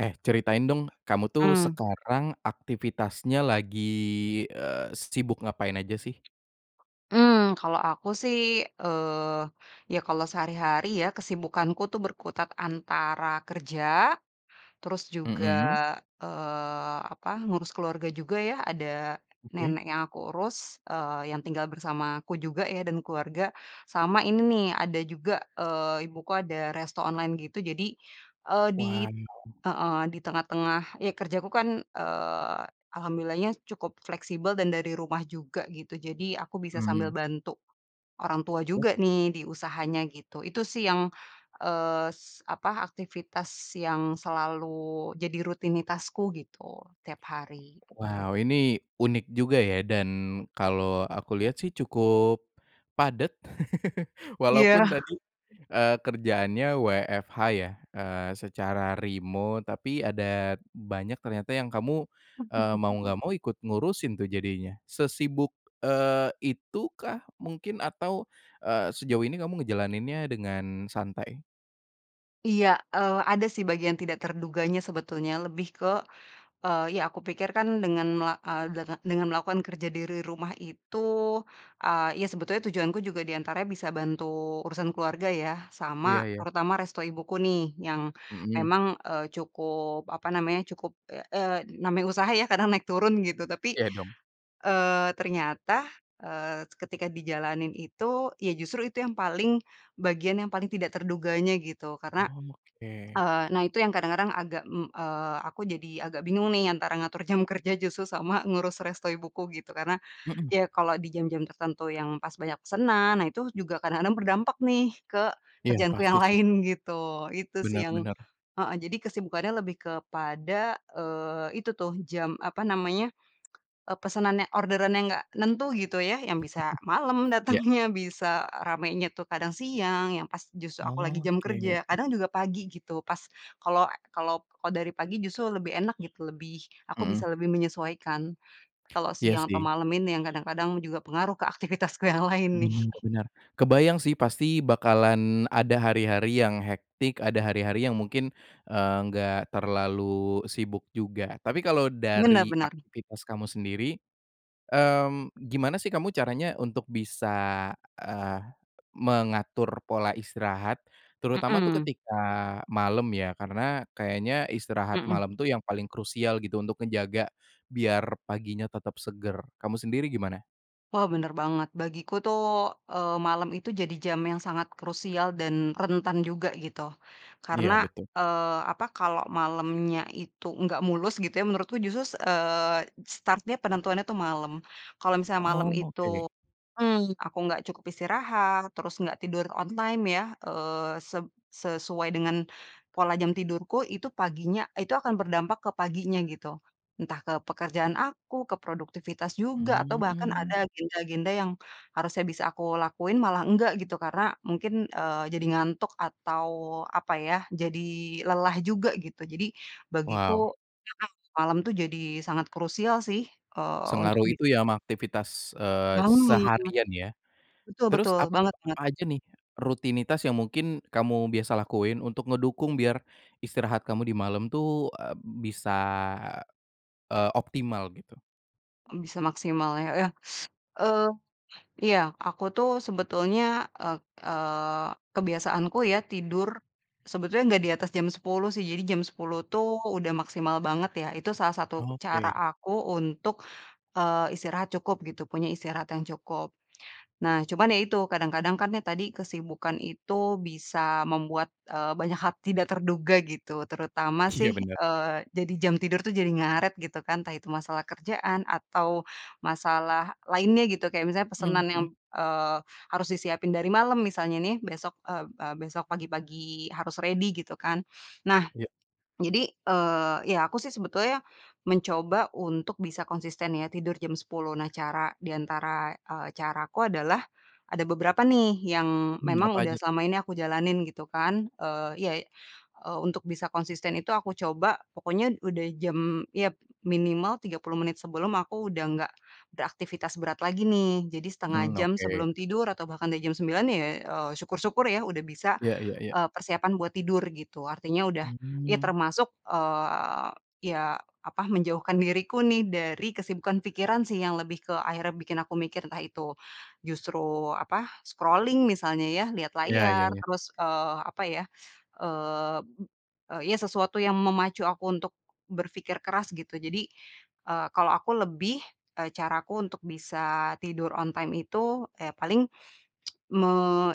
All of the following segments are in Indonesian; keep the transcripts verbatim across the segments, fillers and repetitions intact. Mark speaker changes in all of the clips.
Speaker 1: Eh, ceritain dong kamu tuh
Speaker 2: Mmm.
Speaker 1: sekarang aktivitasnya lagi, eee, sibuk ngapain aja sih?
Speaker 2: Mmm, kalau aku sih, eee, ya, kalau sehari-hari ya, kesibukanku tuh, berkutat antara kerja, terus juga,
Speaker 1: Mhm.
Speaker 2: eee, apa ngurus keluarga juga, ya. Ada,
Speaker 1: Oke.
Speaker 2: nenek yang aku urus, eee, yang tinggal bersamaku juga ya, dan keluarga, sama ini nih, ada juga, eee, ibuku ada resto online gitu. Jadi, eee, di
Speaker 1: Wah.
Speaker 2: heeh, di tengah tengah ya. Kerjaku, kan, eee, alhamdulillahnya, cukup fleksibel, dan dari rumah juga, gitu. Jadi, aku bisa
Speaker 1: Mhm.
Speaker 2: sambil bantu orang tua
Speaker 1: Ya.
Speaker 2: juga nih, di usahanya gitu, itu sih yang, eee, apa, aktivitas yang selalu jadi rutinitasku, gitu, tiap hari.
Speaker 1: Wow, ini unik juga ya, dan kalau aku lihat sih cukup, padat.
Speaker 2: Iya.
Speaker 1: Walaupun tadi, eee, kerjaannya WFH ya? Eee, secara remote, tapi, ada banyak ternyata, yang kamu, eee, mau nggak mau, ikut ngurusin tuh, jadinya. Sesibuk, eee, itukah, mungkin? Atau, eee, sejauh ini, kamu ngejalaninnya dengan santai?
Speaker 2: Iya, eee, ada sih, bagian tidak terduganya, sebetulnya. Lebih ke, eee, ya aku pikir, kan, dengan mela eee, denga dengan melakukan kerja dere rumah itu, eee, ya sebetulnya tujuanku juga di antaranya bisa bantu urusan keluarga ya,
Speaker 1: Iya
Speaker 2: sama,
Speaker 1: iya.
Speaker 2: terutama resto ibuku nih, yang
Speaker 1: Mhm.
Speaker 2: memang, eee, cukup, apa namanya, cukup ya, eee, namanya usaha ya, kadang naik turun, gitu. Tapi,
Speaker 1: Iya dong.
Speaker 2: eee, ternyata, eee, ketika dijalanin itu, ya, justru itu yang paling bagian yang paling tidak terduganya, gitu. Karena,
Speaker 1: Oke.
Speaker 2: eee, nah itu yang kadang-kadang agak, mmm, eee, aku jadi agak bingung nih, antara ngatur jam kerja, justru, sama ngurus resto ibuku, gitu. Karena,
Speaker 1: Mhm.
Speaker 2: ya kalau di jam-jam tertentu, yang, pas banyak pesanan. Nah, itu juga kadang-kadang berdampak nih, ke
Speaker 1: Iya,
Speaker 2: kerjaanku yang
Speaker 1: pasti sih.
Speaker 2: lain, gitu, itu sih,
Speaker 1: Benar
Speaker 2: yang
Speaker 1: benar.
Speaker 2: heeh. Jadi, kesibukannya lebih kepada, eee, itu tuh, jam apa namanya, eee, pesanan yang orderan, yang gak nentu gitu, ya, yang bisa malam
Speaker 1: Iya.
Speaker 2: datangnya, bisa ramainya tuh kadang siang, yang pas justru aku lagi jam kerja,
Speaker 1: Oke.
Speaker 2: kadang juga pagi gitu, pas kalau kalau kalau dari pagi, justru lebih enak gitu, lebih, aku bisa
Speaker 1: Mhm.
Speaker 2: lebih menyesuaikan. Kalau
Speaker 1: Iya
Speaker 2: siang atau
Speaker 1: sih.
Speaker 2: malam ini, yang kadang-kadang juga pengaruh ke aktivitasku yang lain, nih.
Speaker 1: Benar benar. Kebayang sih, pasti, bakalan ada hari-hari yang hectic ada hari-hari, yang mungkin, eee, enggak terlalu sibuk juga. Tapi, kalau
Speaker 2: Benar
Speaker 1: dari
Speaker 2: benar.
Speaker 1: aktivitas kamu sendiri, mmm, gimana sih kamu caranya untuk bisa, eee, mengatur pola istirahat? Terutama tuh,
Speaker 2: Mhm.
Speaker 1: ketika malam ya, karena kayaknya istirahat
Speaker 2: Mhm.
Speaker 1: malam tuh, yang paling krusial gitu, untuk ngejaga biar paginya tetap segar, kamu sendiri, gimana?
Speaker 2: Wah, benar banget. Bagiku tuh, eee, malam itu, jadi jam yang sangat krusial, dan rentan juga, gitu. Karena,
Speaker 1: Iya, betul.
Speaker 2: eee, apa, kalau malamnya itu nggak mulus, gitu ya, menurutku justru, eee, start-nya, penentuannya itu malam, kalau misalnya malam
Speaker 1: Oh,
Speaker 2: itu
Speaker 1: oke.
Speaker 2: mhm, aku nggak cukup istirahat, terus nggak tidur on time ya, eee, sep sesuai dengan pola jam tidurku, itu paginya itu akan berdampak ke paginya, gitu. Entah, ke pekerjaan aku, ke produktivitas juga, atau bahkan
Speaker 1: Mmm.
Speaker 2: ada agenda-agenda yang harusnya bisa aku lakuin, malah enggak, gitu. Karena, mungkin, eee, jadi ngantuk, atau, apa ya, jadi lelah juga, gitu. Jadi, bagiku,
Speaker 1: Wow.
Speaker 2: [unintelligible] malam tuh, jadi sangat krusial sih, eee, untuk
Speaker 1: Sengaruh
Speaker 2: bi
Speaker 1: itu ya, ama aktivitas, eee,
Speaker 2: Mhm.
Speaker 1: seharian ya?
Speaker 2: [unintelligible] Betul
Speaker 1: Terus
Speaker 2: betul,
Speaker 1: ap
Speaker 2: banget banget.
Speaker 1: apa aja nih, rutinitas yang mungkin kamu biasa lakuin, untuk ngedukung biar istirahat kamu di malam tuh, eee, bisa, eee, optimal gitu?
Speaker 2: Bisa, maksimalnya ya, eee, iya aku tuh sebetulnya, eee eee, kebiasaanku ya, tidur. Sebetulnya, nggak di atas jam sepuluh sih, jadi jam sepuluh tuh udah maksimal banget, ya. Itu, salah satu cara
Speaker 1: Oke.
Speaker 2: aku, untuk, eee, istirahat cukup gitu, punya istirahat yang cukup. Nah, cuman ya, itu, kadang-kadang kan, ya tadi, kesibukan itu bisa membuat, eee, banyak hal tidak terduga, gitu, terutama
Speaker 1: Iya,
Speaker 2: sih,
Speaker 1: benar.
Speaker 2: eee, jadi, jam tidur tuh jadi ngaret, gitu kan. Entah, itu masalah kerjaan, atau masalah lainnya gitu, kayak misalnya,
Speaker 1: Mhm
Speaker 2: pesanan yang,
Speaker 1: mhm.
Speaker 2: eee, harus disiapin dari malam misalnya nih, besok, eee eee, besok pagi-pagi harus ready, gitu kan. Nah,
Speaker 1: Iya.
Speaker 2: jadi, eee, iya, aku sih sebetulnya mencoba untuk bisa konsisten ya, tidur jam sepuluh. Nah, cara di antara, eee, caraku adalah ada beberapa nih, yang
Speaker 1: Mmm,
Speaker 2: memang
Speaker 1: apa
Speaker 2: udah
Speaker 1: aja tuh?
Speaker 2: selama ini aku jalanin gitu kan, eee iya untuk bisa konsisten itu, aku coba pokoknya, udah jam iya, minimal tiga puluh menit sebelum, aku udah nggak beraktivitas berat lagi, nih. Jadi setengah
Speaker 1: Mmm,
Speaker 2: jam
Speaker 1: oke.
Speaker 2: sebelum tidur, atau bahkan udah jam sembilan ya, eee, syukur-syukur ya, udah bisa,
Speaker 1: Iya iya iya.
Speaker 2: eee, persiapan buat tidur gitu. Artinya, udah ya
Speaker 1: Mmm.
Speaker 2: termasuk, eee, iya, apa, menjauhkan diriku nih, dari kesibukan pikiran sih, yang lebih ke akhirnya bikin aku mikir, entah itu justru, apa, scrolling misalnya ya, lihat
Speaker 1: Iya iya
Speaker 2: layar,
Speaker 1: iya.
Speaker 2: terus, eee, apa ya, eee, iya sesuatu yang memacu aku untuk berpikir keras, gitu. Jadi, eee, kalau aku lebih, eee, caraku untuk bisa tidur on time itu, ya paling, me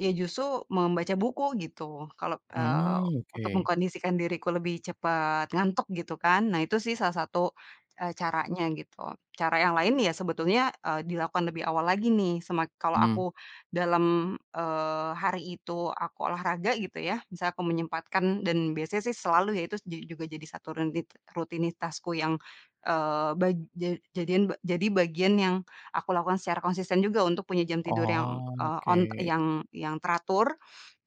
Speaker 2: ya justru membaca buku, gitu. Kalau, eee,
Speaker 1: Mhm,
Speaker 2: untuk
Speaker 1: oke.
Speaker 2: mengkondisikan diriku lebih cepat ngantuk, gitu kan. Nah, itu sih, salah satu, eee, caranya gitu, cara yang lain ya, sebetulnya, eee, dilakukan lebih awal lagi nih, semak kalau
Speaker 1: Mhm.
Speaker 2: aku dalam, eee, hari itu, aku olahraga gitu, ya, misalnya aku menyempatkan, dan biasanya sih selalu ya, itu, ju juga jadi satu rutit rutinitasku, yang, eee, bag ja jadian ba jadi bagian, yang aku lakukan secara konsisten juga, untuk punya jam tidur yang,
Speaker 1: Oh,
Speaker 2: eee,
Speaker 1: oke.
Speaker 2: on ta yang yang teratur,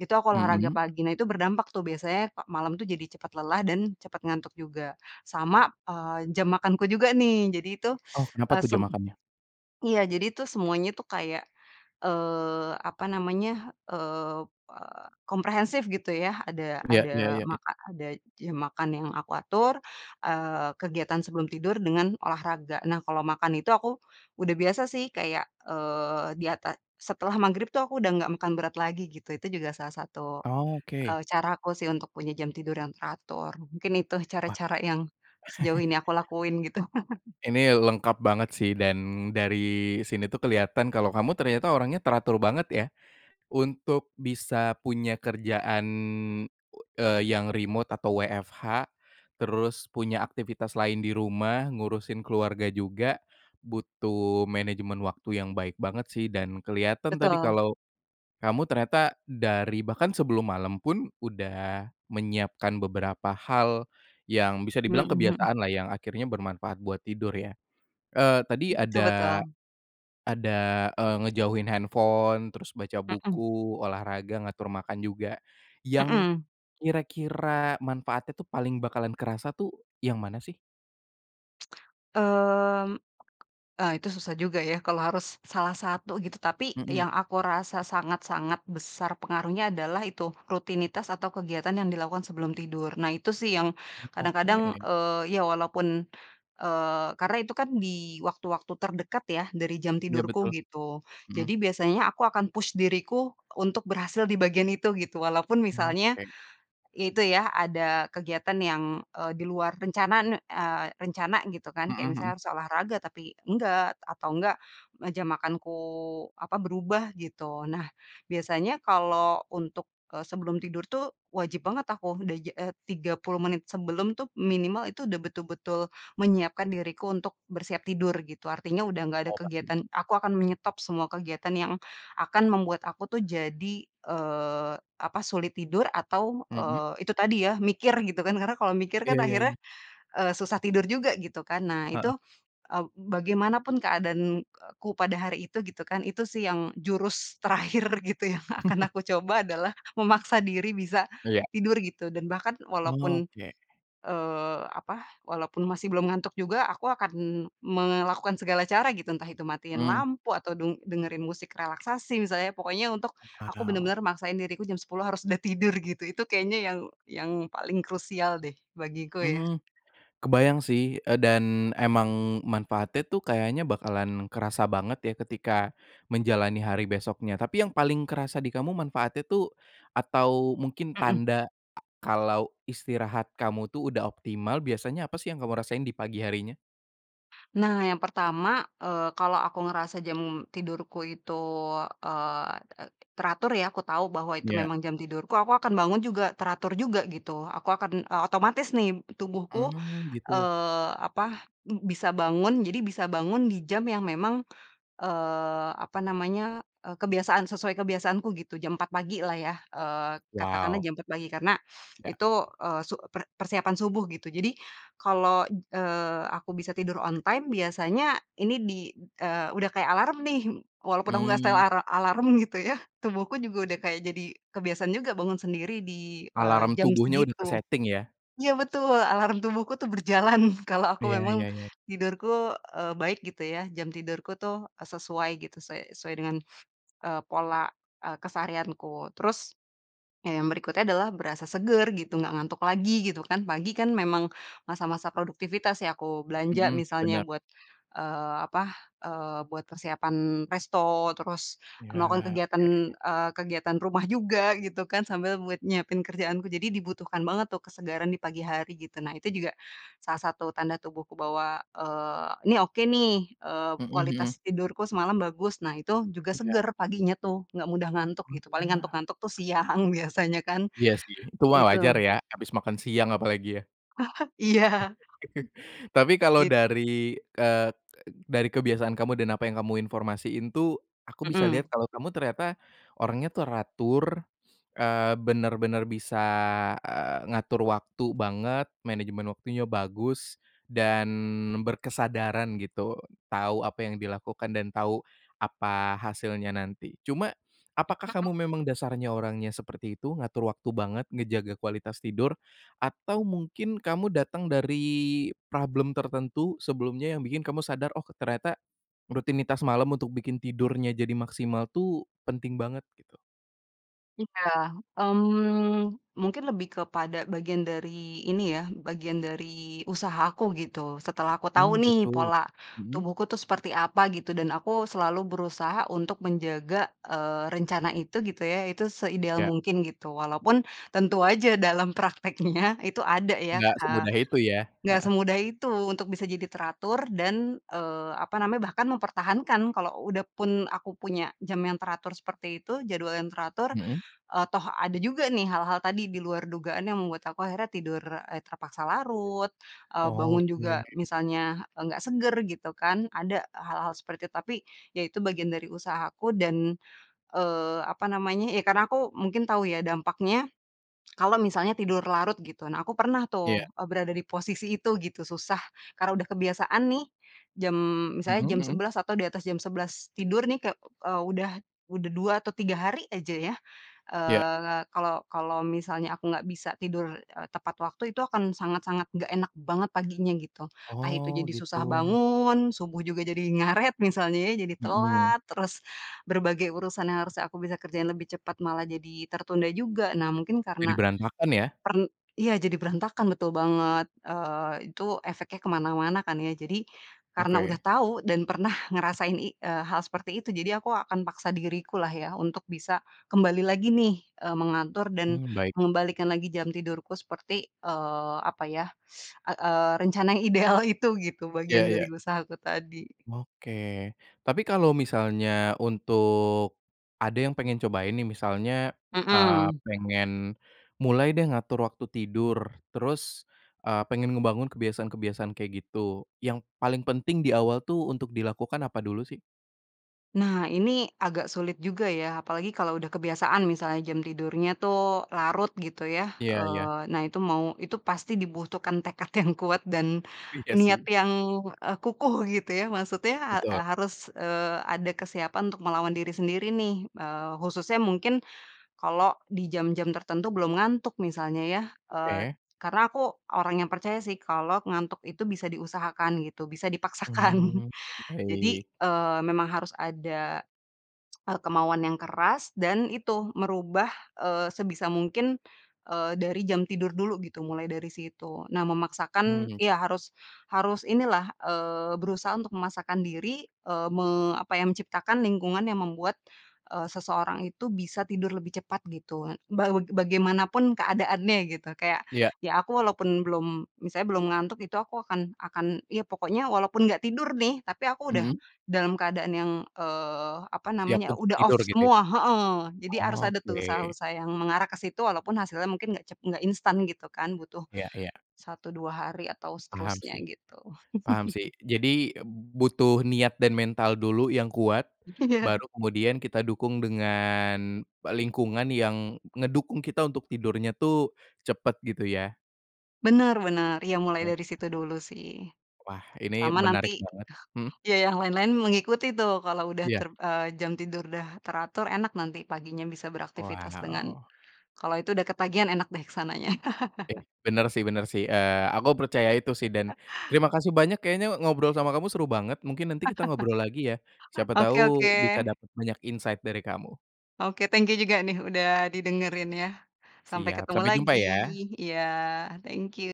Speaker 2: itu aku olahraga
Speaker 1: Mhm.
Speaker 2: pagi. Nah, itu berdampak tuh, biasanya malam tuh, jadi cepat lelah, dan cepat ngantuk juga, sama, eee, jam makanku juga nih. Jadi, itu,
Speaker 1: Oh, kenapa
Speaker 2: eee,
Speaker 1: tuh jam
Speaker 2: sem
Speaker 1: makannya?
Speaker 2: iya, jadi itu semuanya tuh, kayak, eee, apa namanya, eee, komprehensif, gitu ya, ada
Speaker 1: Iya iya
Speaker 2: ada
Speaker 1: iya iya.
Speaker 2: maka ada jam makan yang aku atur, eee, kegiatan sebelum tidur dengan olahraga. Nah, kalau makan itu, aku udah biasa sih, kayak, eee, di ata setelah maghrib tuh, aku udah gak makan berat lagi, gitu. Itu juga salah satu,
Speaker 1: Oke.
Speaker 2: eee, caraku sih, untuk punya jam tidur yang teratur. Mungkin, itu
Speaker 1: Wah.
Speaker 2: cara-cara yang sejauh ini aku lakuin, gitu.
Speaker 1: Ini, lengkap banget sih, dan dari sini, itu kelihatan, kalau kamu ternyata orangnya teratur banget ya. Untuk bisa punya kerjaan, eee, yang remote atau WFH, terus punya aktivitas lain di rumah, ngurusin keluarga juga, butuh manajemen waktu yang baik banget sih dan kelihatan tadi,
Speaker 2: Betul.
Speaker 1: kalau, kamu ternyata, dari, bahkan sebelum malam pun, udah menyiapkan beberapa hal yang bisa dibilang
Speaker 2: Mhm mhm.
Speaker 1: kebiasaan lah yang akhirnya bermanfaat buat tidur ya? Eee, tadi
Speaker 2: Betul
Speaker 1: ada,
Speaker 2: betul.
Speaker 1: ada, eee, ngejauhin handphone, terus baca
Speaker 2: Mhm.
Speaker 1: buku, olahraga, ngatur makan juga. Yang,
Speaker 2: Mhm.
Speaker 1: kira-kira manfaatnya tuh, paling bakalan kerasa tuh, yang mana sih?
Speaker 2: Mmm, eee, itu susah juga ya, kalau harus, salah satu, gitu. Tapi,
Speaker 1: Mhm.
Speaker 2: yang aku rasa sangat-sangat besar pengaruhnya adalah, itu, rutinitas atau kegiatan yang dilakukan sebelum tidur. Nah, itu sih yang
Speaker 1: Oke.
Speaker 2: kadang-kadang, eee, ya walaupun, eee, karena itu kan di waktu-waktu terdekat ya, dari jam
Speaker 1: Iya betul,
Speaker 2: tidurku, gitu.
Speaker 1: mhm.
Speaker 2: Jadi, biasanya aku akan push diriku untuk berhasil di bagian itu, gitu, walaupun misalnya,
Speaker 1: Oke.
Speaker 2: ya itu, ya ada kegiatan yang, eee, di luar rencanaan eee, rencana gitu kan,
Speaker 1: Mhm
Speaker 2: kayak
Speaker 1: mhm.
Speaker 2: misalnya, harus olahraga, tapi enggak, atau enggak, meja makanku, apa, berubah, gitu. Nah, biasanya kalau, untuk, eee, sebelum tidur tuh, wajib banget aku, udah ja eh tiga puluh menit sebelum tuh, minimal itu, udah betul-betul menyiapkan diriku, untuk bersiap tidur, gitu. Artinya, udah nggak ada
Speaker 1: Oh, baik.
Speaker 2: kegiatan aku akan menyetop semua kegiatan, yang akan membuat aku tuh, jadi, eee, apa, sulit tidur atau,
Speaker 1: Mhm.
Speaker 2: eee, itu tadi ya, mikir, gitu kan. Karena, kalau mikir
Speaker 1: Iya
Speaker 2: kan,
Speaker 1: iya
Speaker 2: akhirnya,
Speaker 1: iya.
Speaker 2: eee, susah tidur juga, gitu kan. Nah,
Speaker 1: Heeh.
Speaker 2: itu, eee, bagaimanapun keadaanku pada hari itu, gitu kan. Itu sih, yang, jurus terakhir gitu, yang akan aku coba adalah, memaksa diri bisa
Speaker 1: Iya.
Speaker 2: tidur gitu, dan bahkan walaupun,
Speaker 1: Oke.
Speaker 2: eee, apa, walaupun masih belum ngantuk juga, aku akan melakukan segala cara, gitu. Entah itu matiin
Speaker 1: Mmm.
Speaker 2: lampu, atau deng dengerin musik relaksasi, misalnya, pokoknya untuk aku
Speaker 1: Wow.
Speaker 2: benar-benar maksain diriku jam sepuluh harus udah tidur, gitu. Itu, kayaknya yang yang paling krusial deh, bagiku ya.
Speaker 1: Mmm, kebayang sih, eee, dan, emang manfaatnya tuh, kayaknya bakalan kerasa banget ya, ketika menjalani hari besoknya. Tapi, yang paling kerasa di kamu manfaatnya tuh, atau mungkin
Speaker 2: Mhm.
Speaker 1: tanda kalau istirahat kamu tuh udah optimal, biasanya apa sih yang kamu rasain di pagi harinya?
Speaker 2: Nah, yang pertama, eee, kalau aku ngerasa jam tidurku itu, eee eee, teratur ya, aku tahu bahwa itu
Speaker 1: Iya.
Speaker 2: memang jam tidurku, aku akan bangun juga teratur juga, gitu. Aku akan, eee, otomatis nih tubuhku,
Speaker 1: Mmm, gitu.
Speaker 2: eee, apa, bisa bangun, jadi bisa bangun di jam yang memang, eee, apa namanya, eee, kebiasaan sesuai kebiasaanku gitu, jam empat pagi lah ya, eee, katakanlah
Speaker 1: Wow.
Speaker 2: jam empat pagi. Karena,
Speaker 1: Iya.
Speaker 2: itu, eee, su per persiapan subuh gitu. Jadi, kalau, eee, aku bisa tidur on time biasanya ini, di, eee, udah kayak alarm nih, walaupun aku gak setel,
Speaker 1: Mmm.
Speaker 2: ara alarm gitu ya, tubuhku juga udah kayak, jadi kebiasaan juga, bangun sendiri di, eee,
Speaker 1: Alarm
Speaker 2: jam
Speaker 1: tubuhnya udah
Speaker 2: segitu
Speaker 1: ke-setting ya?
Speaker 2: iya betul! Alarm tubuhku tuh, berjalan, kalau
Speaker 1: Iya
Speaker 2: aku memang,
Speaker 1: iya iya iya
Speaker 2: tidurku, eee, baik gitu ya, jam tidurku tuh, eee, sesuai gitu, suai sesuai dengan, eee, pola, eee, keseharianku. Terus, ya, yang berikutnya adalah berasa seger gitu, gak ngantuk lagi, gitu kan. Pagi, kan memang masa-masa produktivitas ya, aku belanja
Speaker 1: Mhm,
Speaker 2: misalnya,
Speaker 1: benar.
Speaker 2: buat, eee, apa, eee, buat persiapan resto, terus
Speaker 1: Iya,
Speaker 2: melakukan kegiatan,
Speaker 1: oke.
Speaker 2: eee, kegiatan rumah juga, gitu kan, sambil buat nyiapin kerjaanku. Jadi, dibutuhkan banget tuh, kesegaran di pagi hari gitu. Nah, itu juga salah satu, tanda tubuhku, bahwa, eee, "Ini, oke nih, eee,
Speaker 1: Mhm mhm.
Speaker 2: kualitas tidurku semalam bagus." Nah, itu juga
Speaker 1: Iya.
Speaker 2: segar paginya tuh, nggak mudah ngantuk
Speaker 1: Oh,
Speaker 2: gitu, paling
Speaker 1: iya.
Speaker 2: ngantuk-ngantuk tuh, siang biasanya kan,
Speaker 1: Iya sih, itu mah wajar
Speaker 2: itu.
Speaker 1: ya, habis makan siang apalagi ya?
Speaker 2: Iya,
Speaker 1: Tapi kalau,
Speaker 2: bit
Speaker 1: dari ke dari kebiasaan kamu, dan apa yang kamu informasiin tuh. Aku bisa
Speaker 2: Mhm.
Speaker 1: lihat, kalau kamu ternyata orangnya teratur, eee, benar-benar bisa, eee, ngatur waktu banget, manajemen waktunya bagus, dan berkesadaran gitu, tahu apa yang dilakukan, dan tahu apa hasilnya nanti. Cuma, apakah
Speaker 2: [unintelligible]
Speaker 1: kamu memang dasarnya orangnya seperti itu? Ngatur waktu banget, ngejaga kualitas tidur, atau mungkin kamu datang dari problem tertentu sebelumnya? Yang bikin kamu sadar, "Oh, ternyata rutinitas malam untuk bikin tidurnya, jadi maksimal tuh, penting banget." Gitu?
Speaker 2: Iya, mmm, mungkin lebih kepada bagian dari, ini ya, bagian dari usahaku gitu, setelah aku tahu
Speaker 1: Mmm,
Speaker 2: nih
Speaker 1: gitu.
Speaker 2: pola
Speaker 1: Mhm?
Speaker 2: tubuhku tuh seperti apa, gitu, dan aku selalu berusaha untuk menjaga, eee, rencana itu gitu ya itu seideal
Speaker 1: Iya.
Speaker 2: mungkin, gitu. Walaupun tentu aja dalam prakteknya itu ada ya,
Speaker 1: Nggak,
Speaker 2: eee,
Speaker 1: semudah itu ya?
Speaker 2: gak
Speaker 1: Heeh.
Speaker 2: semudah itu untuk bisa jadi teratur, dan, eee, apa namanya bahkan mempertahankan, kalau udah pun aku punya jam yang teratur seperti itu jadwal yang teratur,
Speaker 1: Mhm.
Speaker 2: eee, toh ada juga nih hal-hal tadi di luar dugaan yang membuat aku akhirnya tidur, eee, terpaksa larut, eee, bangun
Speaker 1: Oke.
Speaker 2: juga, misalnya nggak seger gitu kan, ada hal-hal seperti itu. Tapi, ya itu bagian dari usahaku, dan, eee, apa namanya, ya karena aku mungkin tahu ya, dampaknya, kalau misalnya tidur larut gitu. Nah, aku pernah tuh,
Speaker 1: Iya.
Speaker 2: eee berada di posisi itu, gitu, susah, karena udah kebiasaan nih. Jam misalnya
Speaker 1: Mhm
Speaker 2: jam
Speaker 1: mhm.
Speaker 2: sebelas atau di atas jam sebelas tidur nih, kek eee, udah udah dua atau tiga hari aja ya,
Speaker 1: Iya.
Speaker 2: eee, kalau kalau misalnya, aku gak bisa tidur e tepat waktu. Itu, akan sangat-sangat nggak enak banget paginya, gitu. Entah itu,
Speaker 1: Oh,
Speaker 2: jadi susah
Speaker 1: gitu.
Speaker 2: bangun, subuh juga jadi, ngaret, misalnya ya, jadi
Speaker 1: Mhm.
Speaker 2: telat, terus berbagai urusan yang harusnya aku bisa kerjain lebih cepat, malah jadi tertunda juga. Nah mungkin
Speaker 1: Jadi
Speaker 2: karena,
Speaker 1: berantakan ya?
Speaker 2: per iya, jadi berantakan, betul banget. Eee, itu efeknya ke mana-mana kan ya. Jadi, karena udah
Speaker 1: Oke.
Speaker 2: tahu, dan pernah ngerasain i eee, hal seperti itu, jadi aku akan paksa diriku lah ya, untuk bisa kembali lagi nih, eee, mengatur dan
Speaker 1: Mmm, baik.
Speaker 2: mengembalikan lagi, jam tidurku, seperti, eee, apa ya, eee eee, rencana yang ideal itu, gitu, bagian
Speaker 1: Ya
Speaker 2: dari
Speaker 1: ya.
Speaker 2: usaha aku tadi.
Speaker 1: Oke. Tapi kalau, misalnya untuk, ada yang pengen cobain nih, misalnya, eee,
Speaker 2: Mhm.
Speaker 1: pengen mulai deh, ngatur waktu tidur, terus, eee, pengen ngebangun kebiasaan-kebiasaan kayak gitu, yang paling penting di awal tuh, untuk dilakukan, apa dulu sih?
Speaker 2: Nah, ini agak sulit juga ya, apalagi kalau udah kebiasaan misalnya jam tidurnya tuh, larut gitu ya,
Speaker 1: Iya iya.
Speaker 2: eee, nah itu mau itu pasti dibutuhkan tekad yang kuat, dan
Speaker 1: Iya
Speaker 2: niat
Speaker 1: sih.
Speaker 2: yang, eee, kukuh gitu ya. Maksudnya,
Speaker 1: Betul.
Speaker 2: ha harus, eee, ada kesiapan untuk melawan diri sendiri nih, eee, khususnya mungkin, kalau di jam-jam tertentu belum ngantuk, misalnya ya, eee,
Speaker 1: Oke.
Speaker 2: karena aku orang yang percaya sih, kalau ngantuk itu bisa diusahakan gitu, bisa dipaksakan.
Speaker 1: Mmm,
Speaker 2: Jadi,
Speaker 1: baik.
Speaker 2: eee, memang harus ada, eee, kemauan yang keras, dan itu merubah, eee, sebisa mungkin, eee, dari jam tidur dulu gitu, mulai dari situ. Nah, memaksakan
Speaker 1: Mmm.
Speaker 2: iya, harus harus inilah, eee, berusaha untuk memaksakan diri, eee, me apa ya, menciptakan lingkungan yang membuat, eee, seseorang itu, bisa tidur lebih cepat gitu, bangu bagaimana pun, keadaannya gitu, kayak,
Speaker 1: Iya.
Speaker 2: ya aku walaupun belum misalnya belum ngantuk. Itu, aku akan akan iya, pokoknya, walaupun gak tidur nih, tapi aku udah
Speaker 1: Mhm.
Speaker 2: dalam keadaan yang, eee, apa
Speaker 1: Siap
Speaker 2: namanya,
Speaker 1: untuk
Speaker 2: udah off
Speaker 1: tidur gitu ya?
Speaker 2: semua heeh, jadi, harus ada tuh,
Speaker 1: Oke.
Speaker 2: usaha-usaha yang mengarah ke situ, walaupun hasilnya mungkin, nggak cep gak instan gitu kan, butuh,
Speaker 1: Iya iya.
Speaker 2: satu, dua hari, atau
Speaker 1: Paham
Speaker 2: seterusnya,
Speaker 1: sih
Speaker 2: gitu.
Speaker 1: paham sih. Jadi, butuh niat dan mental dulu yang kuat,
Speaker 2: Iya.
Speaker 1: baru kemudian kita dukung dengan lingkungan yang ngedukung kita untuk tidurnya tuh, cepet, gitu ya?
Speaker 2: Benar benar, iya mulai dari
Speaker 1: Oke.
Speaker 2: situ dulu sih.
Speaker 1: Wah. Ini
Speaker 2: Sama nanti
Speaker 1: menarik banget mhm?
Speaker 2: iya, yang lain-lain mengikuti tuh, kalau udah
Speaker 1: Iya.
Speaker 2: ter eee, jam tidur udah teratur, enak nanti paginya bisa beraktivitas dengan
Speaker 1: Wow.
Speaker 2: kalau itu udah ketagihan enak deh, ke sananya.
Speaker 1: Oke, benar sih benar sih, eee, aku percaya itu sih, dan terima kasih banyak, kayaknya ngobrol sama kamu seru banget, mungkin nanti kita ngobrol lagi ya. Siapa tahu,
Speaker 2: Oke oke.
Speaker 1: bisa dapat banyak insight dari kamu.
Speaker 2: Oke, thank you juga nih, udah didengerin ya. Sampai
Speaker 1: Siap,
Speaker 2: ketemu
Speaker 1: sampai jumpa
Speaker 2: lagi
Speaker 1: ya.
Speaker 2: iya, thank you.